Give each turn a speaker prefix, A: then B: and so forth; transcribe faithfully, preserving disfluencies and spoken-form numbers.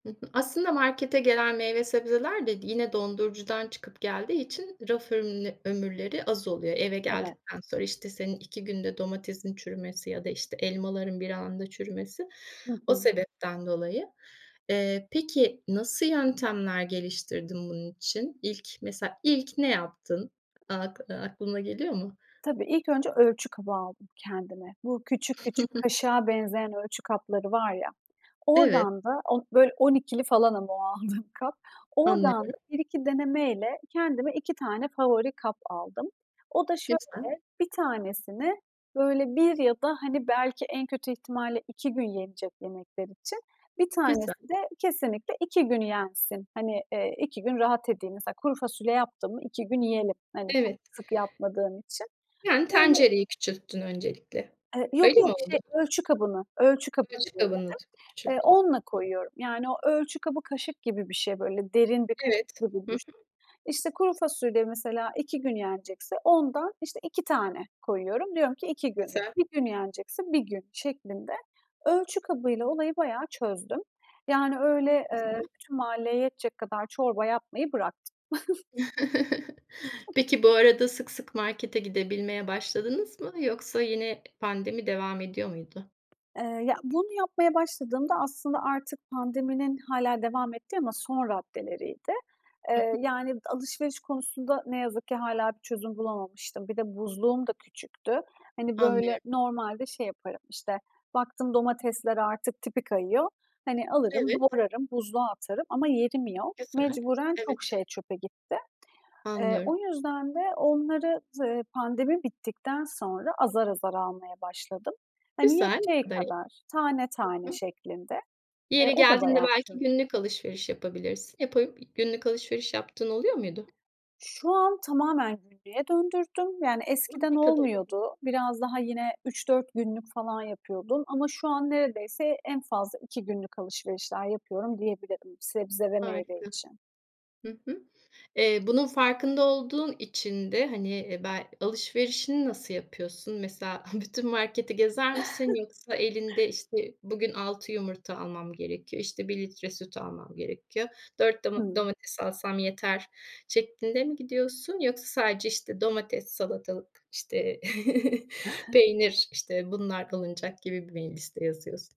A: Hı hı. Aslında markete gelen meyve sebzeler de d yine dondurucudan çıkıp geldiği için raf örün ömürleri az oluyor. Eve
B: Evet.
A: geldikten sonra, işte, senin iki günde domatesin çürümesi ya da, işte, elmaların bir anda çürümesi
B: Hı
A: o
B: hı.
A: sebepten dolayı. Eee, peki nasıl yöntemler geliştirdin bunun için? İlk mesela ilk ne yaptın ak aklına geliyor mu?
B: Tabii. İlk önce ölçü kabı aldım kendime. Bu küçük küçük, kaşığa benzeyen ölçü kapları var ya.
A: Evet.
B: Oradan da, o böyle on ikili falan ama o aldığım kap, oradan da
A: Anlıyorum.
B: bir iki denemeyle, kendime iki tane favori kap aldım. O da
A: Güzel.
B: şöyle, bir tanesini böyle bir ya da hani belki en kötü ihtimalle iki gün yenecek yemekler için, bir
A: Güzel.
B: tanesi de kesinlikle iki gün yensin. Hani, iii, iki gün rahat edeyim. Mesela kuru fasulye yaptım mı iki gün yiyelim. Hani çok
A: Evet.
B: sık yapmadığım için.
A: Yani
B: Böyle
A: tencereyi küçülttün öncelikle.
B: Eee, yok,
A: Öyle mi
B: yok,
A: oldu?
B: şey ölçü kabını, ölçü kabını
A: Ölçü kabını
B: denedim.
A: t
B: Eee,
A: küçülttün.
B: onunla
A: Hı hı.
B: koyuyorum. Yani o ölçü kabı kaşık gibi bir şey. Böyle derin bir
A: Evet.
B: kaşık gibi
A: Hı
B: düşün.
A: hı.
B: İşte, kuru fasulye mesela iki gün yenecekse ondan, işte, iki tane koyuyorum. Diyorum ki iki gün,
A: Güzel.
B: bir gün yenecekse bir gün şeklinde. Ölçü kabıyla olayı bayağı çözdüm. Yani öyle, eee,
A: Güzel.
B: tüm mahalleye yetecek kadar çorba yapmayı bıraktım.
A: Peki bu arada sık sık markete gidebilmeye başladınız mı, yoksa yine pandemi devam ediyor muydu?
B: Eee, ya, bunu yapmaya başladığımda, aslında artık pandeminin hâlâ devam ettiği ama son raddeleriydi.
A: Hı
B: Eee,
A: hı.
B: d yani alışveriş konusunda ne yazık ki hâlâ bir çözüm bulamamıştım. Bir de buzluğum da küçüktü. Hani böyle
A: Anlıyorum.
B: normalde şey yaparım, işte baktım domatesler artık tipi kayıyor. Hani alırım,
A: Evet.
B: doğrarım, buzluğa atarım ama yerim yok.
A: Güzel.
B: Mecburen çok
A: Evet.
B: şey çöpe gitti. Eee,
A: Anlıyorum.
B: o yüzden de onları z eee, pandemi bittikten sonra azar azar almaya başladım. Hani
A: Güzel. Ne
B: yeteceği
A: kadar iyi.
B: kadar, tane tane
A: Hı hı.
B: şeklinde. E,
A: Yeri
B: o da
A: geldiğinde
B: bayağı
A: belki
B: çalışıyor.
A: günlük alışveriş yapabilirsin. Yapa günlük alışveriş yaptığın oluyor muydu?
B: Şu an tamamen günlüğe döndürdüm. Yani
A: Oh,
B: eskiden
A: ne kadar iyi!
B: olmuyordu. Biraz daha yine üç dört günlük falan yapıyordum ama şu an neredeyse en fazla iki günlük alışverişler yapıyorum diyebilirim sebze ve meyve
A: Harika.
B: için.
A: Hı hı. Eee, bunun farkında olduğun için de, hani bel alışverişini nasıl yapıyorsun? Mesela bütün marketi gezer misin, yoksa elinde işte bugün altı yumurta almam gerekiyor, işte bir litre süt almam gerekiyor, dört doma
B: Hımm.
A: domates alsam yeter şeklinde mi gidiyorsun, yoksa sadece, işte, domates, salatalık, işte, peynir, işte, bunlar alınacak gibi mi bir liste yazıyorsun?